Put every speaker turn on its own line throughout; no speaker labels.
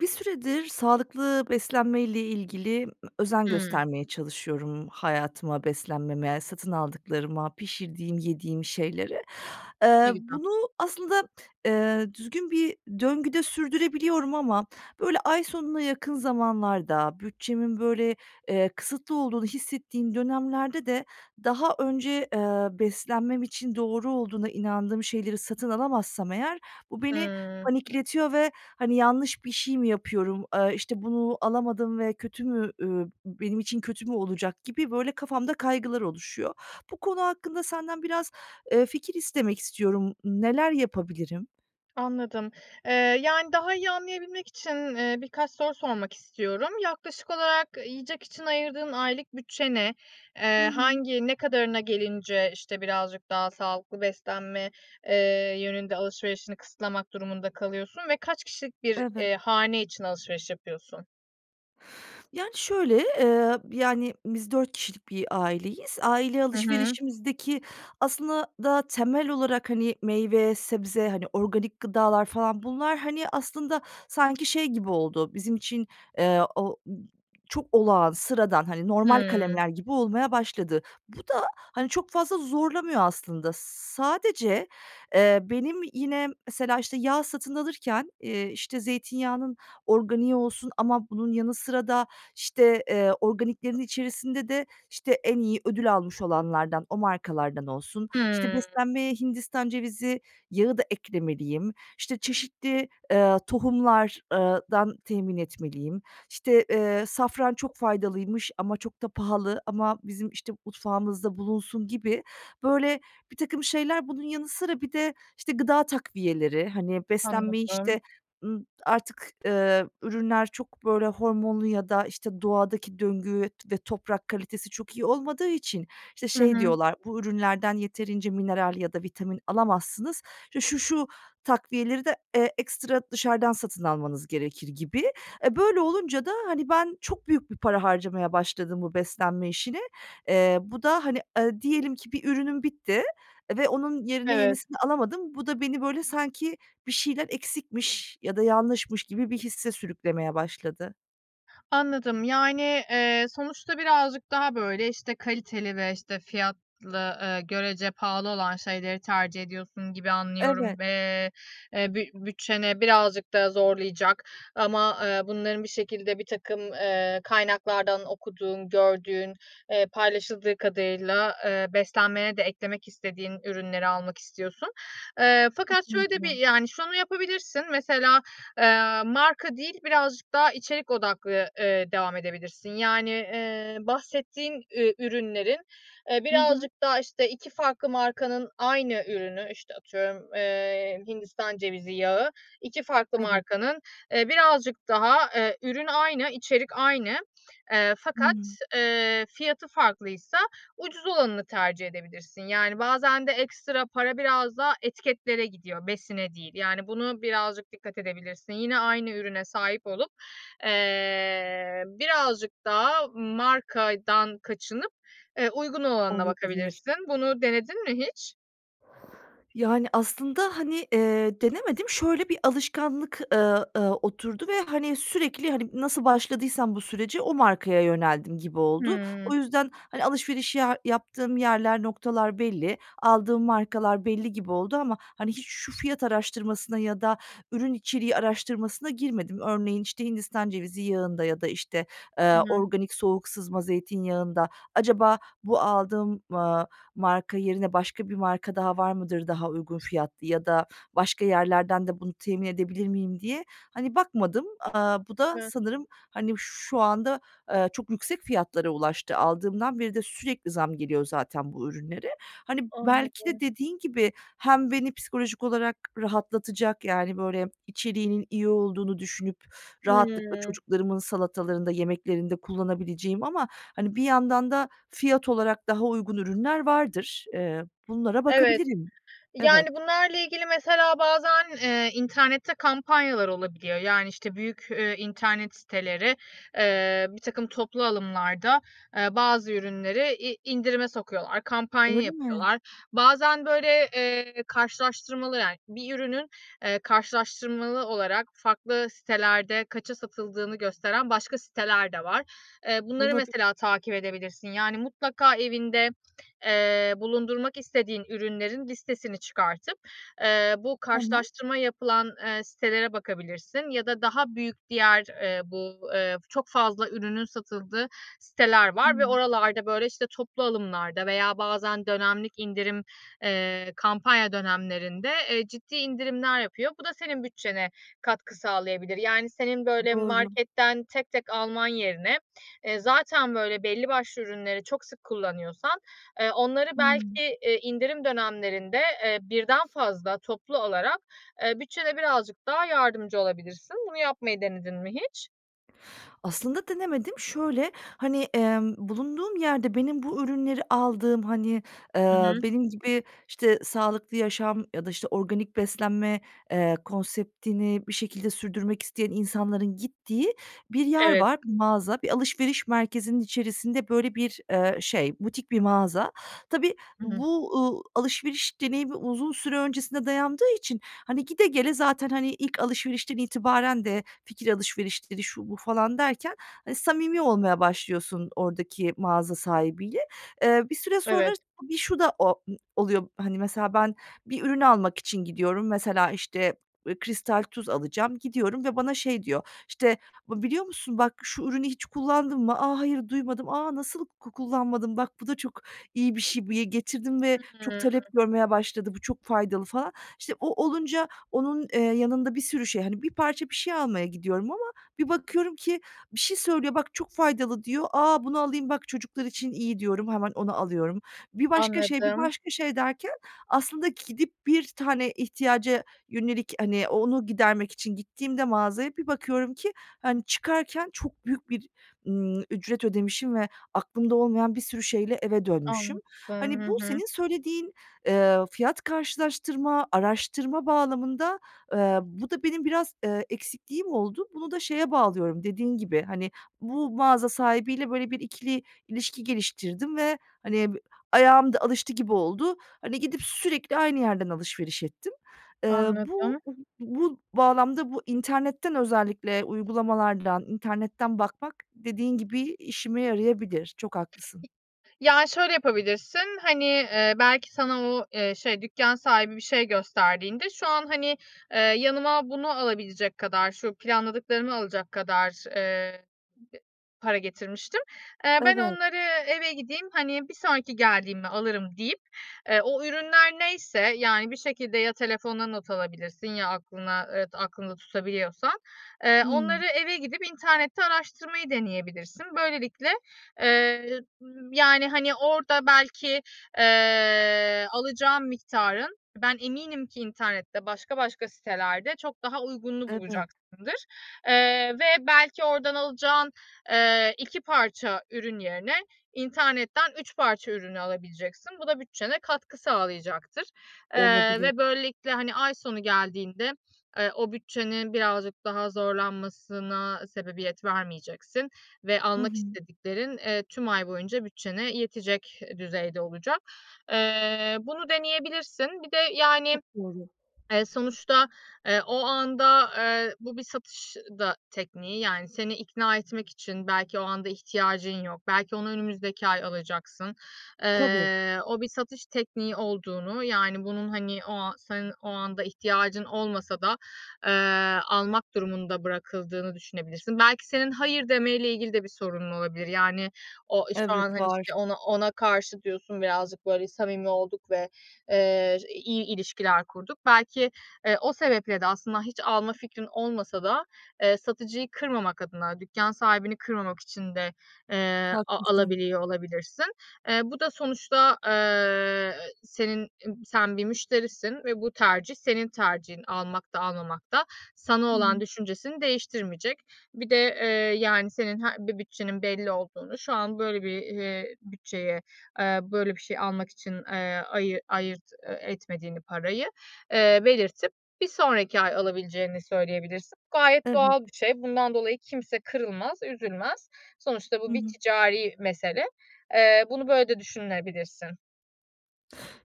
Bir süredir sağlıklı beslenmeyle ilgili, ımm, özen
Hıı.
göstermeye çalışıyorum hayatıma, beslenmeme, satın aldıklarıma, pişirdiğim, yediğim şeylere. Iıı,
Ne güzel.
bunu aslında, ııı, düzgün bir döngüde sürdürebiliyorum ama böyle ay sonuna yakın zamanlarda, bütçemin böyle, eee, kısıtlı olduğunu hissettiğim dönemlerde de daha önce, ııı, beslenmem için doğru olduğuna inandığım şeyleri satın alamazsam eğer bu beni
Hıı.
panikletiyor ve, hani, "Yanlış bir şey mi yapıyorum, aaa, işte, bunu alamadım ve kötü mü, ü benim için kötü mü olacak?" gibi böyle kafamda kaygılar oluşuyor. Bu konu hakkında senden biraz, eee, fikir istemek istiyorum. N neler yapabilirim?
Anladım. Eee, yani, daha iyi anlayabilmek için, eee, birkaç soru sormak istiyorum. Yaklaşık olarak yiyecek için ayırdığın aylık bütçe ne?
Hı
Iıı,
hı.
hangi, ne kadarına gelince, işte, birazcık daha sağlıklı beslenme, eee, yönünde alışverişini kısıtlamak durumunda kalıyorsun ve kaç kişilik bir,
Evet.
eee, hane için alışveriş yapıyorsun?
Yani, şöyle, eee, yani biz 4 kişilik bir aileyiz. Aile
Hı hı.
alışverişimizdeki aslında da temel olarak, hani, meyve, sebze, hani, organik gıdalar falan bunlar, hani, aslında sanki şey gibi oldu, bizim için, eee, o çok olağan, sıradan, normal
Hımm.
kalemler gibi olmaya başladı. Bu da, hani, çok fazla zorlamıyor aslında. S sadece, eee, benim yine mesela, işte, yağ satın alırken, eee, işte, zeytinyağının organiği olsun ama bunun yanı sıra da, işte, eee, organiklerin içerisinde de, işte, en iyi ödül almış olanlardan, o markalardan olsun. İşte,
Hımm.
beslenmeye Hindistan cevizi yağı da eklemeliyim, işte, çeşitli, eee, tohumlar ııı dan temin etmeliyim, işte, eee, safran çok faydalıymış ama çok da pahalı ama bizim, işte, mutfağımızda bulunsun gibi, böyle, birtakım şeyler. Bunun yanı sıra bir de, işte, gıda takviyeleri, hani, beslenmeyi,
Anladım.
işte, ımm, artık, eee, ürünler çok böyle hormonlu ya da, işte, doğadaki döngü ve toprak kalitesi çok iyi olmadığı için, işte,
Hı
şey
hı.
diyorlar: "Bu ürünlerden yeterince mineral ya da vitamin alamazsınız, işte, şu şu takviyeleri de, eee, ekstra dışarıdan satın almanız gerekir." gibi. Eee, böyle olunca da, hani, ben çok büyük bir para harcamaya başladım bu beslenme işine. Eee, bu da, hani, aaa, diyelim ki bir ürünüm bitti ve onun yerine
Evet.
yenisini alamadım, bu da beni, böyle, sanki bir şeyler eksikmiş ya da yanlışmış gibi bir hisse sürüklemeye başladı.
Anladım. Yani, eee, sonuçta birazcık daha, böyle, işte kaliteli ve, işte, fiyatlı, ııı, görece pahalı olan şeyleri tercih ediyorsun gibi anlıyorum
Evet.
ve, eee, büt bütçeni birazcık da zorlayacak ama, ııı, bunların bir şekilde birtakım, ııı, kaynaklardan okuduğun, gördüğün, eee, paylaşıldığı kadarıyla, ııı, beslenmene de eklemek istediğin ürünleri almak istiyorsun. Iıı, fakat şöyle de bir,
Kesinlikle.
yani, şunu yapabilirsin. Mesela, ııı, marka değil, birazcık daha içerik odaklı, ııı, devam edebilirsin. Yani, ııı, bahsettiğin, ııı, ürünlerin, ııı,
Hı hı.
birazcık daha işte 2 farklı markanın aynı ürünü, işte atıyorum, ııı, Hindistan cevizi yağı, 2 farklı
Evet.
markanın, ııı, birazcık daha, ııı, ürün aynı, içerik aynı, eee, fakat,
Hımm.
ııı, fiyatı farklıysa ucuz olanını tercih edebilirsin. Yani, bazen de ekstra para biraz daha etiketlere gidiyor, besine değil. Yani, buna birazcık dikkat edebilirsin. Yine aynı ürüne sahip olup, eee, birazcık daha markadan kaçınıp, ııı, uygun olanına
Olabilir.
bakabilirsin. Bunu denedin mi hiç?
Yani, aslında, hani, eee, denemedim. Şöyle bir alışkanlık, ııı, ııı, oturdu ve, hani, sürekli, hani, nasıl başladıysam bu sürece o markaya yöneldim gibi oldu.
Hıı.
O yüzden, hani, alışveriş ya yaptığım yerler, noktalar belli. Aldığım markalar belli gibi oldu ama, hani, hiç şu fiyat araştırmasına ya da ürün içeriği araştırmasına girmedim. Örneğin, işte, Hindistan cevizi yağında ya da, işte,
Hı
ııı,
hı.
organik soğuk sızma zeytinyağında acaba bu aldığım, ııı, marka yerine başka bir marka daha var mıdır, daha uygun fiyatlı ya da başka yerlerden de bunu temin edebilir miyim diye, hani, bakmadım. Aaa, bu da
Evet.
sanırım, hani, şu anda, ııı, çok yüksek fiyatlara ulaştı. Aldığımdan beri de sürekli zam geliyor zaten bu ürünlere. Hani, belki de
Anladım.
dediğin gibi hem beni psikolojik olarak rahatlatacak, yani, böyle, içeriğinin iyi olduğunu düşünüp rahatlıkla
Hıı.
çocuklarımın salatalarında, yemeklerinde kullanabileceğim ama, hani, bir yandan da fiyat olarak daha uygun ürünler vardır. Iıı, bunlara
Evet.
bakabilirim. Evet.
Yani, bunlarla ilgili mesela bazen, eee, internette kampanyalar olabiliyor. Yani, işte, büyük, ııı, internet siteleri, ııı, birtakım toplu alımlarda, ııı, bazı ürünleri in indirime sokuyorlar, kampanya
Öyle mi?
yapıyorlar. Bazen böyle, eee, karşılaştırmalı, yani, bir ürünün, ııı, karşılaştırmalı olarak farklı sitelerde kaça satıldığını gösteren başka siteler de var. Iıı, bunları
Olabilir.
mesela takip edebilirsin. Yani, mutlaka evinde, eee, bulundurmak istediğin ürünlerin listesini çıkartıp, ııı, bu
Tamam.
karşılaştırma yapılan, ııı, sitelere bakabilirsin ya da daha büyük diğer, ııı, bu, ııı, çok fazla ürünün satıldığı siteler var ve
Hıı.
oralarda, böyle, işte, toplu alımlarda veya bazen dönemlik indirim, ııı, kampanya dönemlerinde, eee, ciddi indirimler yapıyor. Bu da senin bütçene katkı sağlayabilir. Yani, senin böyle
Doğru.
marketten tek tek alman yerine, eee, zaten böyle belli başlı ürünleri çok sık kullanıyorsan, ııı, onları,
Hıı.
belki, iii, indirim dönemlerinde, eee, birden fazla toplu olarak, ııı, bütçede birazcık daha yardımcı olabilirsin. Bunu yapmayı denedin mi hiç?
Aslında denemedim. Şöyle, hani, emm, bulunduğum yerde benim bu ürünleri aldığım, hani,
Hı
eee,
hı.
benim gibi işte sağlıklı yaşam ya da işte organik beslenme, eee, konseptini bir şekilde sürdürmek isteyen insanların gittiği bir yer
Evet.
var, bir mağaza. Bir alışveriş merkezinin içerisinde, böyle, bir, eee, şey, butik bir mağaza. Tabii
Hı hı.
bu, uuu, alışveriş deneyimi uzun süre öncesinde dayandığı için, hani, gide gele zaten, hani, ilk alışverişten itibaren de fikir alışverişleri şu bu falan derken, eee, samimi olmaya başlıyorsun oradaki mağaza sahibiyle. Eee, bir süre sonra
Evet.
bir şu da o um oluyor. Hani, mesela ben bir ürün almak için gidiyorum. Mesela işte, eee, kristal tuz alacağım, gidiyorum ve bana şey diyor, işte, "bı biliyor musun bak şu ürünü hiç kullandın mı? A, hayır, duymadım. A nasıl ku kullanmadın? Bak bu da çok iyi bir şey, bir ye getirdim ve çok
Hıı.
talep görmeye başladı, bu çok faydalı" falan. İşte, o olunca onun, eee, yanında bir sürü şey, hani, bir parça bir şey almaya gidiyorum ama bir bakıyorum ki bir şey söylüyor, "bak çok faydalı" diyor. "A, bunu alayım bak çocuklar için iyi" diyorum, hemen onu alıyorum. Bir başka şey, bir
Anladım.
başka şey derken aslında gidip bir tane ihtiyaca yönelik, hani, o onu gidermek için gittiğimde mağazaya bir bakıyorum ki, hani, çıkarken çok büyük bir, ımm, ücret ödemişim ve aklımda olmayan bir sürü şeyle eve dönmüşüm.
Anladım. Hı
Hani, bu
hı.
senin söylediğin, eee, fiyat karşılaştırma, araştırma bağlamında, eee, bu da benim biraz, eee, eksikliğim oldu. Bunu da şeye bağlıyorum, dediğin gibi, hani, bu mağaza sahibiyle böyle bir ikili ilişki geliştirdim ve, hani, ayağım da alıştı gibi oldu. Hani, gidip sürekli aynı yerden alışveriş ettim. Eee, bu,
Anladım.
bu bağlamda bu internetten özellikle uygulamalardan, internetten bakmak dediğin gibi işime yarayabilir. Çok
İ
haklısın.
ya şöyle yapabilirsin. Hani, eee, belki, sana o, eee, şey dükkân sahibi bir şey gösterdiğinde, "Şu an, hani, eee, yanıma bunu alabilecek kadar, şu planladıklarımı alacak kadar, eee, eee, para getirmiştim. Eee, ben
Evet.
onları eve gideyim, hani, bir sonraki geldiğimde alırım." deyip, eee, o ürünler neyse, yani, bir şekilde ya telefonuna not alabilirsin ya aklına, evet, aklında tutabiliyorsan, eee,
Hımm.
onları eve gidip internette araştırmayı deneyebilirsin. Böylelikle, eee, y yani, hani, orada belki, eee, alacağın miktarın ben eminim ki internette başka başka sitelerde çok daha uygununu
Evet.
bulacaksındır, eee, ve belki oradan alacağın, eee, 2 parça ürün yerine internetten 3 parça ürünü alabileceksin. Bu da bütçene katkı sağlayacaktır, eee,
Olabilir.
ve böylelikle, hani, ay sonu geldiğinde, eee, o bütçenin birazcık daha zorlanmasına sebebiyet vermeyeceksin ve
Hı
almak
hı.
istediklerin, eee, tüm ay boyunca bütçene yetecek düzeyde olacak. Eee, bunu deneyebilirsin. Bir de, yani,
Çok doğru.
eee, sonuçta, eee, o anda, eee, bu bir satış da tekniği, yani, seni ikna etmek için. Belki o anda ihtiyacın yok, belki onu önümüzdeki ay alacaksın.
Tabii.
Eee, o bir satış tekniği olduğunu, yani, bunun, hani, o an senin o anda ihtiyacın olmasa da, eee, almak durumunda bırakıldığını düşünebilirsin. Belki, senin hayır demeyle ilgili de bir sorun olabilir, yani. O şu an,
Evet,
hani,
var.
işte ona ona karşı diyorsun, birazcık böyle samimi olduk ve, eee, ş iyi ilişkiler kurduk. Belki, eee, o sebeple de aslında hiç alma fikrin olmasa da, eee, satıcıyı kırmamak adına, dükkân sahibini kırmamak için de, eee, a
Haklısın.
alabiliyor olabilirsin. Eee, bu da sonuçta, eee, senin eb sen bir müşterisin ve bu tercih senin tercihin. Almak da almamak da sana
Hı
olan
hı.
düşüncesini değiştirmeyecek. Bir de, eee, yani, senin he bir bütçenin belli olduğunu, şu an böyle bir, eee, bütçeye, eee, böyle bir şey almak için, eee, ayı ayırt e etmediğini parayı, eee, belirtip bir sonraki ay alabileceğini söyleyebilirsin. Gayet doğal
Evet.
bir şey. Bundan dolayı kimse kırılmaz, üzülmez. Sonuçta
Hı
bu bir
hı.
ticari mesele. Eee, bunu böyle de düşünebilirsin.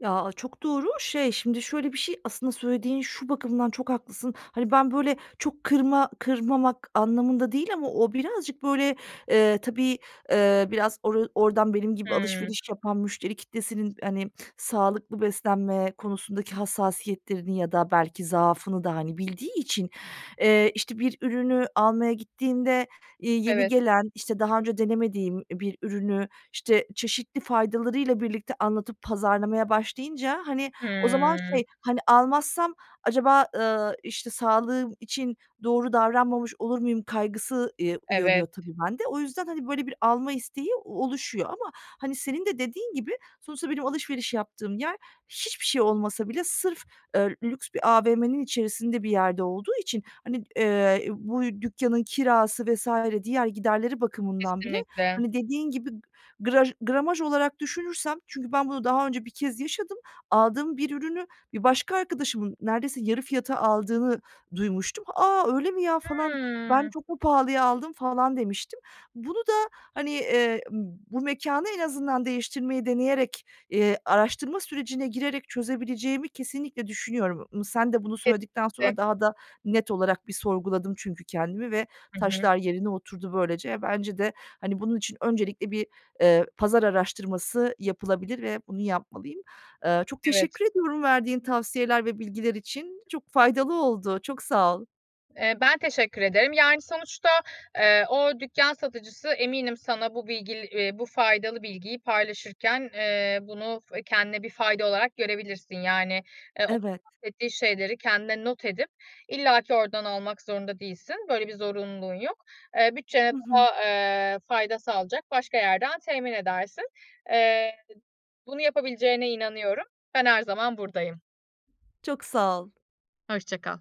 Ya, aaa, çok doğru. Şey şimdi, şöyle bir şey aslında söylediğin, şu bakımdan çok haklısın, hani, ben böyle çok kırma kırmamak anlamında değil ama o birazcık böyle, ııı, tabii, ııı, biraz or oradan benim gibi
Hıı.
alışveriş yapan müşteri kitlesinin, hani, sağlıklı beslenme konusundaki hassasiyetlerini ya da belki zaafını da, hani, bildiği için, ııı, işte, bir ürünü almaya gittiğinde, iii, yeni
Evet.
gelen, işte, daha önce denemediğim bir ürünü, işte, çeşitli faydalarıyla birlikte anlatıp pazarlamaya başlayınca, hani, o zaman
Hıı.
şey, hani, almazsam acaba, ııı, işte, sağlığım için doğru davranmamış olur muyum kaygısı, iii, uyanıyor
Evet.
tabii bende. O yüzden, hani, böyle bir alma isteği oluşuyor ama, hani, senin de dediğin gibi, sonuçta benim alışveriş yaptığım yer hiçbir şey olmasa bile sırf, ııı, lüks bir AVM'nin içerisinde bir yerde olduğu için, hani, ııı, bu dükkânın kirası vs. diğer giderleri bakımından bile,
Kesinlikle!
hani, dediğin gibi graj gramaj olarak düşünürsem, çünkü ben bunu daha önce bir kez yaşadım. Aldığım bir ürünü bir başka arkadaşımın neredeyse yarı fiyata aldığını duymuştum. "A, öyle mi ya falan, ben
Hıı.
çok mu pahalıya aldım falan?" demiştim. Bunu da, hani, eee, bu mekânı en azından değiştirmeyi deneyerek, iii, araştırma sürecine girerek çözebileceğimi kesinlikle düşünüyorum. Mı sen de bunu söyledikten sonra
Kesinlikle!
daha da net olarak bir sorguladım çünkü kendimi ve
Hı hı.
taşlar yerine oturdu böylece. E, bence de, hani, bunun için öncelikle bir, ııı, pazar araştırması yapılabilir ve bunu yapmalıyım. Iıı, çok
Evet.
teşekkür ediyorum verdiğin tavsiyeler ve bilgiler için. Çok faydalı oldu. Çok sağ ol.
Eee, ben teşekkür ederim. Yani, sonuçta, eee, o dükkân satıcısı eminim sana bu bilgil bu faydalı bilgiyi paylaşırken, ııı, bunu kendine bir fayda olarak görebilirsin, yani, ııı, o
Evet.
bahsettiği şeyleri kendine not edip illaki oradan almak zorunda değilsin. Böyle bir zorunluluğun yok. Iıı, bütçene
Hı hı.
daha, ııı, fayda sağlayacak başka yerden temin edersin. Iıı, bunu yapabileceğine inanıyorum. Ben her zaman buradayım.
Çok sağ ol.
Hoşça kal.